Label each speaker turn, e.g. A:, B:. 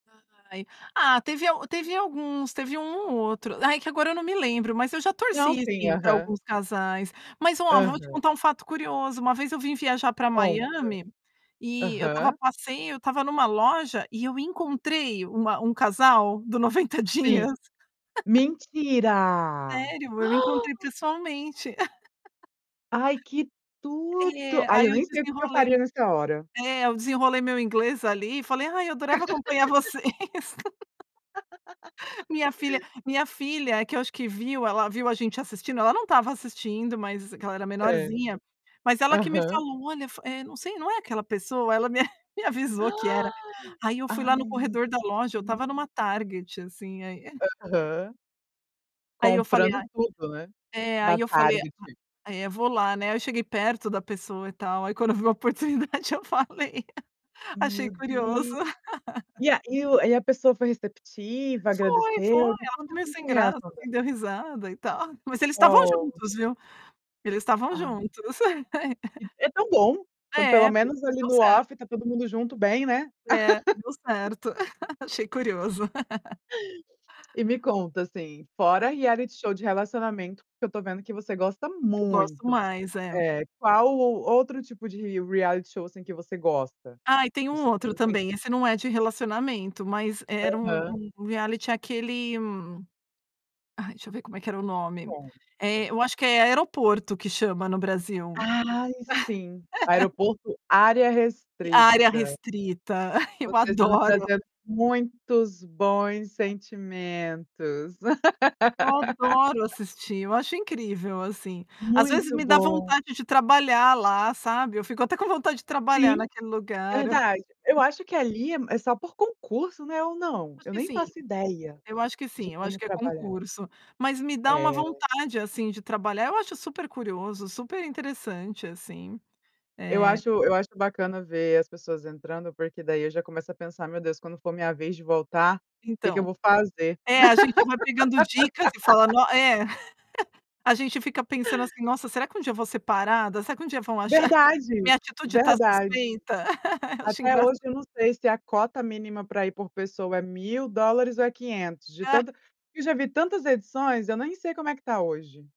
A: Ai. Ah, teve a teve alguns, teve um ou outro, ai que agora eu não me lembro, mas eu já
B: Não,
A: torci
B: sim,
A: sim pra
B: aham.
A: alguns casais. Mas ó, vou te
B: Aham.
A: contar um fato curioso, uma vez eu vim viajar pra
B: Conta.
A: Miami, e eu estava a
B: Aham.
A: passeio, eu estava numa loja e eu encontrei uma um casal do 90
B: Sim,
A: dias.
B: mentira!
A: Sério! Eu encontrei pessoalmente.
B: Ai, que tudo!
A: É,
B: Ai,
A: aí
B: eu
A: eu
B: nem sei o que que eu
A: desenrolei
B: faria
A: meu
B: nessa hora.
A: é, eu desenrolei meu inglês ali e falei: "Ai eu adorava acompanhar vocês". Minha filha minha filha é que eu acho que viu. Ela viu a gente assistindo, ela não estava assistindo, mas que ela era
B: Certo.
A: menorzinha. Mas ela que me
B: Aham.
A: falou "Olha, fo eh, não sei, não é aquela pessoa?". Ela me me avisou que era. Aí, eu fui
B: Ai,
A: lá no
B: meu
A: corredor da loja, eu
B: Deus.
A: tava numa Target, assim, aí, eh
B: Aham.
A: Aí, eu falei:
B: Comprando
A: "A".
B: tudo, né,
A: É, aí
B: na
A: eu falei:
B: Target
A: "A eh, vou lá, né". Eu cheguei perto da pessoa e tal, aí quando eu vi a oportunidade eu falei. Achei
B: Meu
A: curioso.
B: Deus! E a e o e a pessoa foi receptiva?
A: Foi
B: Agradeceu?
A: foi,
B: Me
A: ela ficou
B: conta
A: meio
B: como que
A: sem
B: foi a
A: graça,
B: reação dela.
A: assim, deu risada e tal, mas eles estavam
B: Ó.
A: juntos, viu. Eles estavam
B: Ah.
A: juntos. ai, ai
B: E, é tão bom. Quando pelo
A: É, deu
B: menos ali
A: deu
B: no
A: certo.
B: off tá todo mundo junto bem, né.
A: É, deu certo, achei curioso.
B: E me conta assim, fora reality show de relacionamento que eu tô vendo que você gosta
A: Eu gosto
B: muito,
A: mais, eh
B: eh, qual o outro tipo de reality show assim, que você gosta?
A: Ah e tem um
B: Isso você
A: outro
B: não tem.
A: também, esse não é de relacionamento, mas era um
B: Aham.
A: um reality, aquele, hum ai, deixa eu ver como é que era o nome, eh,
B: Conta.
A: eu acho que é é Aeroporto que chama no Brasil.
B: Ai, sim, Aeroporto área
A: Área
B: restrita.
A: restrita, eu
B: Você está me
A: adoro.
B: trazendo muitos bons sentimentos.
A: Eu adoro assistir, eu acho incrível assim. Às vezes
B: Muito
A: me dá
B: bom!
A: vontade de trabalhar lá, sabe. Eu fico até com vontade de trabalhar
B: Sim,
A: naquele lugar.
B: verdade. Eu acho que ali é só por concurso, né ou não?
A: Acho
B: Eu
A: que
B: nem
A: sim,
B: faço ideia
A: eu acho que
B: de
A: sim, eu acho
B: como
A: que é
B: trabalhar.
A: concurso, mas me dá uma
B: É.
A: vontade assim, de trabalhar eu acho super curioso, super interessante assim,
B: Eu
A: é
B: acho eu acho bacana ver as pessoas entrando porque daí eu já começo a pensar: "Meu Deus quando for minha vez de voltar, o que que eu
A: Então.
B: vou fazer?".
A: É, a gente vai pegando dicas e fala: "No". É A gente fica pensando assim: "Nossa será que um dia vou ser parada? Será que um dia vão achar?
B: Verdade,
A: Minha atitude tá
B: verdade.
A: suspeita?". Acho
B: Até
A: engraça
B: hoje eu não sei se a cota mínima pra ir por pessoa é $1000 ou é $500 de
A: Ah
B: tanta Eu já vi tantas edições, eu nem sei como é que tá hoje.